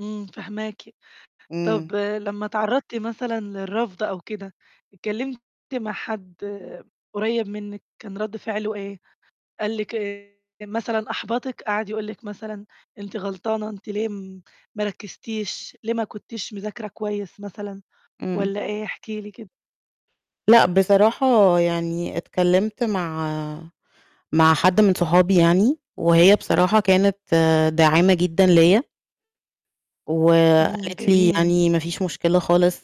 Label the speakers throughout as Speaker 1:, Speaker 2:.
Speaker 1: امم، فاهماكِ.
Speaker 2: امم.
Speaker 1: طَب لمّا اتعرضتِ مثلًا للرفض أو كده، اتكلمتِ مع حَدّ قُريب منِك، كان رد فِعلُه إيه؟ قال لِك إيه مثلًا، أحبطِك، قعد يقول لِك مثلًا أنتِ غلطانة، أنتِ ليه م ما رَكزتيش، ليه ما كُنتيش مذاكرة كويس مثلًا،
Speaker 2: امم.
Speaker 1: والّا إيه؟ احكي لي كده.
Speaker 2: لأ، بصراحة يعني اتكلِمت مع مع حَدّ من صحابي يعني، وهي بصراحة كانت داعِمة جدًا ليَّ.
Speaker 1: امم،
Speaker 2: وقالت لي
Speaker 1: جميل.
Speaker 2: يعني: "ما فيش مُشكلة خالص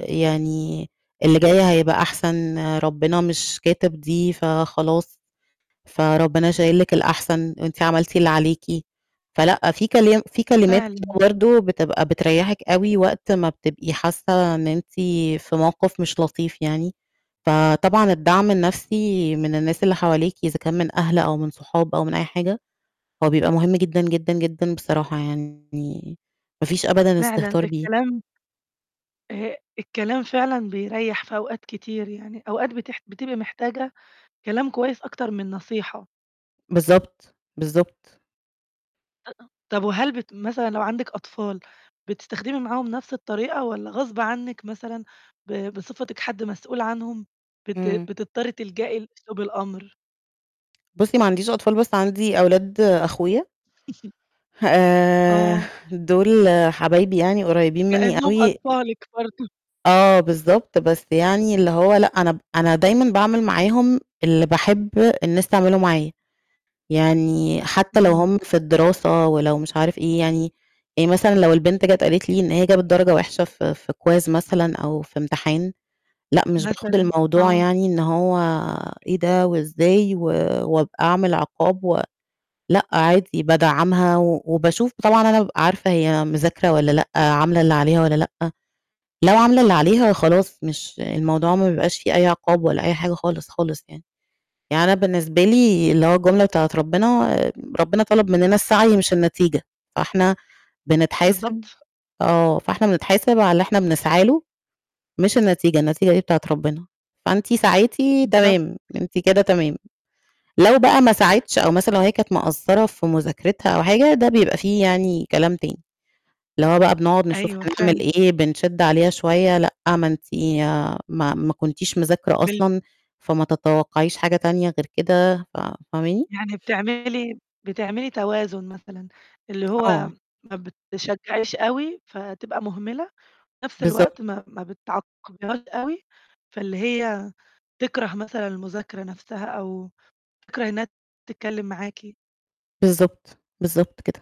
Speaker 2: يعني، اللي جاي هيبقى أحسن، ربنا مش كاتب دي فخلاص. فربنا شايل لِك الأحسن، وأنتِ عملتِ اللي عليكِ." فلأ، في كلام في كلمات كده
Speaker 1: فعلًا.
Speaker 2: برضو بتبقى بتريحِك أوي وقت ما بتبقي حاسة إن أنتِ في موقف مش لطيف يعني، فطبعًا الدعم النفسي من الناس اللي حواليكِ، إذا كان من أهل أو من صحاب أو من أي حاجة، هو بيبقى مهم جدًا، جدًا، جدًا بصراحة يعني ما فيش أبدًا
Speaker 1: فعلًا
Speaker 2: استهتار بيه.
Speaker 1: الكلام آه، الكلام فعلًا بيريّح في أوقات كتير يعني، أوقات بتح بتبقي محتاجة كلام كويس، أكتر من النصيحة.
Speaker 2: بالضبط، بالضبط.
Speaker 1: [unintelligible] طَب وهل بت مثلًا، لو عندِك أطفال بتستخدمي معاهُم نفس الطريقة والّا غصبٍ عنِك مثلًا ب بصفتِك حَدّ مسؤول عنهم بت
Speaker 2: امم.
Speaker 1: بتضطري تلجأي لأسلوب الأمر؟
Speaker 2: بُصّي، ما عنديش أطفال، بس عندي أولاد أخويا. آآ
Speaker 1: آه.
Speaker 2: دول حبايبي يعني قريبين مني
Speaker 1: لأنهم
Speaker 2: أوي [unintelligible]
Speaker 1: أطفالِك برضو
Speaker 2: آه بالضبط، بس يعني اللي هو لأ، أنا ب أنا دايمًا باعمل معاهم اللي باحب الناس تعمله معايا. يعني، حتى لو
Speaker 1: إمم.
Speaker 2: هُم في الدراسة ولو مش عارف إيه يعني يعني مثلًا لو البنت جات قالت لي إن هي جابت درجة وحشة ف في quiz مثلًا أو في امتحان، لأ مش باخد
Speaker 1: مثلًا،
Speaker 2: الموضوع
Speaker 1: آه.
Speaker 2: يعني، إن هو إيه ده وإزاي؟ و وابق أعمل عِقاب و لأ، عادي بادّعَمها و وباشوف طبعًا أنا بابقى عارفة هي مذاكرة والّا لأ، عاملة اللي عليها والّا لأ. لو عاملة اللي عليها خلاص مش الموضوع ما بيبقاش فيه أي عقاب ولا أي حاجة خالص، خالص يعني. يعني أنا بالنسبة لي اللي هو الجملة بتاعة ربنا، ربنا طلب مننا السعي مش النتيجة. فاحنا بنتحاسب
Speaker 1: بالضبط.
Speaker 2: آه، فإحنا بنتحاسب على اللي إحنا بنسعى له مش النتيجة، النتيجة دي بتاعة ربنا. فأنتِ سعيتِ
Speaker 1: بالضبط.
Speaker 2: تمام، أنتِ كده تمام، لو بقى ما سعِتش أو مثلًا، لو هي كانت مقصّرة في مذاكرِتها أو حاجة، ده بيبقى فيه يعني كلام تاني. اللي هو بقى بنقعد نشوف
Speaker 1: أيوة
Speaker 2: هنعمل
Speaker 1: فعلًا.
Speaker 2: إيه، بنشِّد عليها شوية، لأ، ما أنتِ ما ما كُنتيش مذاكرة
Speaker 1: بال
Speaker 2: أصلًا، فما تتوقعيش حاجة تانية غير كده، ف فاهماني؟
Speaker 1: يعني، بتعملي بتعملي توازن مثلًا، اللي هو
Speaker 2: آه.
Speaker 1: ما بِتشجعيش أوي فتبقى مُهمِلة، وفي نفس الوقت
Speaker 2: بالضبط.
Speaker 1: ما ما بتعاقبيهاش أوي، فاللي هي تِكره مثلًا المذاكرة نفسَها أو تِكره إنهّا تتكلم معاكِ.
Speaker 2: بالضبط، بالضبط كده.